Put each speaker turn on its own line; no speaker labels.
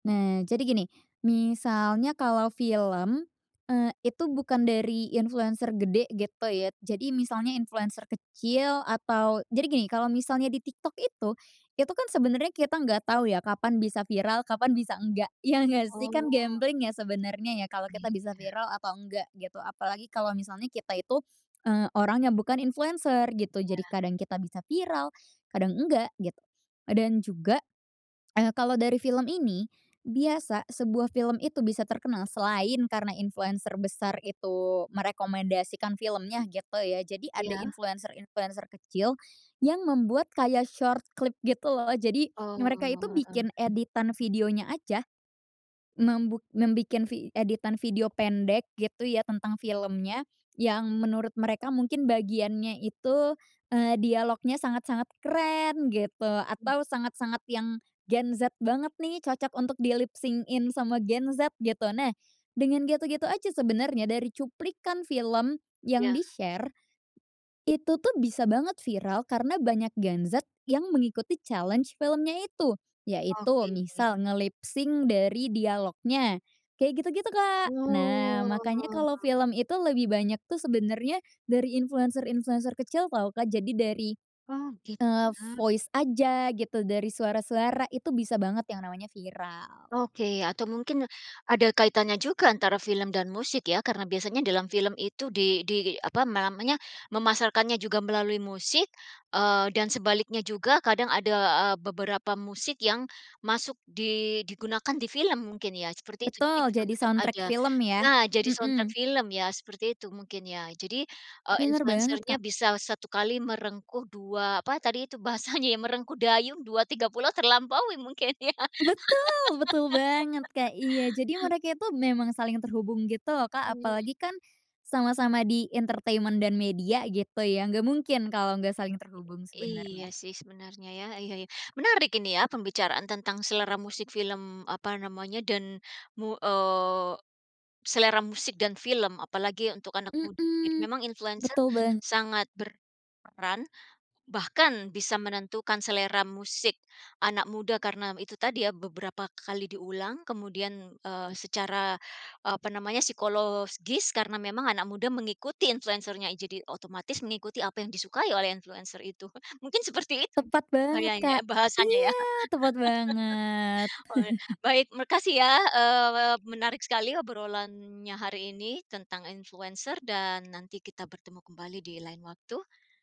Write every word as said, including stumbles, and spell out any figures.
Nah, jadi gini, misalnya kalo film, eee, itu bukan dari influencer gede, gitu ya. Jadi misalnya influencer kecil, atau jadi gini, kalo misalnya di TikTok itu, itu kan sebenarnya kita nggak tau, ya, kapan bisa viral, kapan bisa enggak. Ya nggak sih? Kan
Oh.
gambling ya, sebenarnya ya, kalo
Iya.
kita bisa viral atau enggak, gitu. Apalagi kalo misalnya kita itu, eee, orang yang bukan influencer, gitu. Jadi
Ya.
kadang kita bisa viral, kadang enggak, gitu. Dan juga, eee, kalau dari film ini, biasa sebuah film itu bisa terkenal, selain karena influencer besar itu merekomendasikan filmnya, gitu ya, jadi ada
Iya?
influencer-influencer kecil, yang membuat kayak short clip gitu, loh. Jadi, mereka itu
Oh. Hmm.
bikin editan videonya aja, membuk membikin vi editan video pendek, gitu ya tentang filmnya, yang menurut mereka mungkin bagiannya itu, eee, dialognya sangat-sangat keren, gitu.
Mhm.
Atau sangat-sangat yang Gen Z banget nih, cocok untuk di lipsync-in sama Gen Z, gitu. Nah, dengan gitu-gitu aja sebenarnya, dari cuplikan film yang
Iya.
di-share, itu tuh bisa banget viral, karena banyak Gen Z, yang mengikuti challenge filmnya itu. Yaitu
Oke.
misal, nge-lipsync dari dialognya, kayak gitu-gitu, Kak. Nah, makanya
Oh.
kalo film itu lebih banyak tuh, sebenarnya dari influencer-influencer kecil tau Kak, jadi dari,
Oke.
eee,
Benar.
voice aja, gitu. Dari suara-suara. Itu bisa banget, yang namanya viral.
Oke. Atau mungkin, ada kaitannya juga antara film dan musik ya? Karena biasanya dalam film itu di di apa, ma namanya, memasarkannya juga melalui musik, eee, dan sebaliknya juga, kadang ada, eee, beberapa musik yang masuk di digunakan di film mungkin ya, seperti itu jadi
Betul.
juga
Jadi
tetap
soundtrack
ada.
film, ya.
Nah, jadi soundtrack
Mhm.
film ya, seperti itu mungkin ya. Jadi, eee,
Benar banget,
influencernya
Kak.
bisa satu kali merengkuh dua apa tadi itu, bahasanya ya, merengkuh dayung dua, tiga pulau terlampaui mungkin, ya.
Betul! Betul banget, Kak. Iya. Jadi, mereka itu memang saling terhubung gitu loh, Kak.
Iy
Apalagi kan, sama-sama di entertainment dan media, gitu ya, enggak mungkin kalo nggak saling terhubung,
I iya
sebenarnya.
sih sebenarnya, ya. Iya iya. Menarik ini ya, pembicaraan tentang selera musik film, apa namanya, dan, mu eee, selera musik, dan film. Apalagi untuk anak muda, gitu.
Mhm.
Memang influencer
Betul, bang
sangat berperan, bahkan bisa menentukan selera musik anak muda, karena itu tadi ya, beberapa kali diulang, kemudian, eee, secara, apa namanya, psikolosgis karena memang anak muda mengikutin influencernya. Jadi otomatis, mengikuti apa yang disukai oleh influencer itu. Mungkin seperti itu
Tepat banget,
bahayanya
Kak.
eh bahasanya, ya.
Iya! Tepat banget.
Oh ya, baik. Makasih ya, eee, menarik sekali obrolannya hari ini. Tentang influencer, dan nanti kita bertemu kembali di lain waktu.